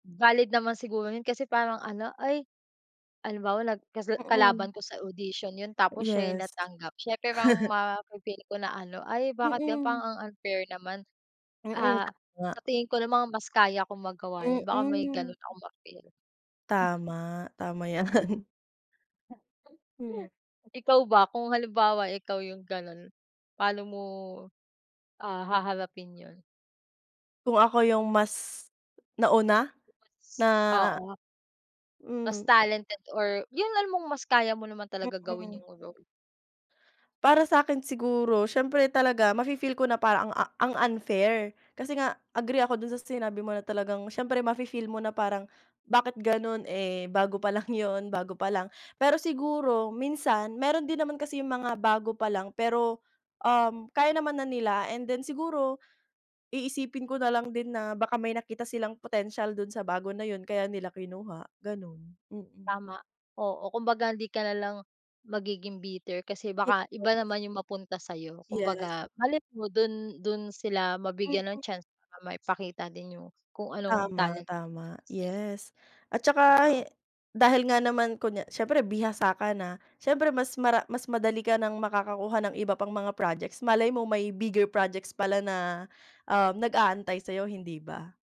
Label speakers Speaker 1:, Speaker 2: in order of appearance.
Speaker 1: Valid naman siguro 'yun kasi parang ano, ay, halimbawa nag kasla
Speaker 2: Mm.
Speaker 1: kalaban ko sa audition 'yun tapos siya 'yung
Speaker 2: Yes.
Speaker 1: natanggap siyempre mang mafe-feel ko na ano, "Ay bakit gano'n parang
Speaker 2: Mm.
Speaker 1: ang unfair naman,
Speaker 2: Mm, oo
Speaker 1: ah, sa
Speaker 2: nga.
Speaker 1: tingin ko naman mas kaya kong magawa 'yun," baka may
Speaker 2: Mm.
Speaker 1: gano'n akong ma-feel.
Speaker 2: Tama, tama, 'yan. Hmm.
Speaker 1: Ikaw ba, kung halimbawa ikaw 'yung gano'n, pano mo, ah, haharapin 'yun?
Speaker 2: Kung ako 'yung mas nauna
Speaker 1: 'Yung
Speaker 2: na
Speaker 1: mas oo. Mas
Speaker 2: hmm.
Speaker 1: talented or 'yun alam mong mas kaya mo naman talaga gawin
Speaker 2: Mm.
Speaker 1: 'yung role.
Speaker 2: Para sa akin siguro siyempre talaga mafe-feel ko na parang ang, a ang unfair, kasi nga agree ako do'n sa sinabi mo na talagang siyempre mafe-feel mo na parang bakit gano'n, eh, bago pa lang 'yun, bago pa lang. Pero siguro minsan meron din naman kasi 'yung mga bago pa lang pero, um, kaya naman na nila and then siguro iisipin ko nalang din na baka may nakita silang potensiyal do'n sa bago na 'yun, kaya nila kinuha gano'n, mm.
Speaker 1: Tama, oo. Kumbaga hindi ka nalang magiging bitter kasi baka
Speaker 2: [unintelligible]
Speaker 1: iba naman 'yung mapunta sa'yo,
Speaker 2: Yes.
Speaker 1: kumbaga malay mo do'n do'n sila mabigyan ng
Speaker 2: Mm.
Speaker 1: chance, para maipakita din 'yung kung anong
Speaker 2: Tama,
Speaker 1: talent na
Speaker 2: tama,
Speaker 1: meron sila.
Speaker 2: yes. At
Speaker 1: 'Di
Speaker 2: saka he
Speaker 1: ba?
Speaker 2: dahil nga naman kunya siyempre bihasa ka na siyempre mas mara mas madali ka ng makakakuha ng iba pang mga projects, malay mo may bigger projects pala na, um, nag-aantay sa'yo, hindi ba?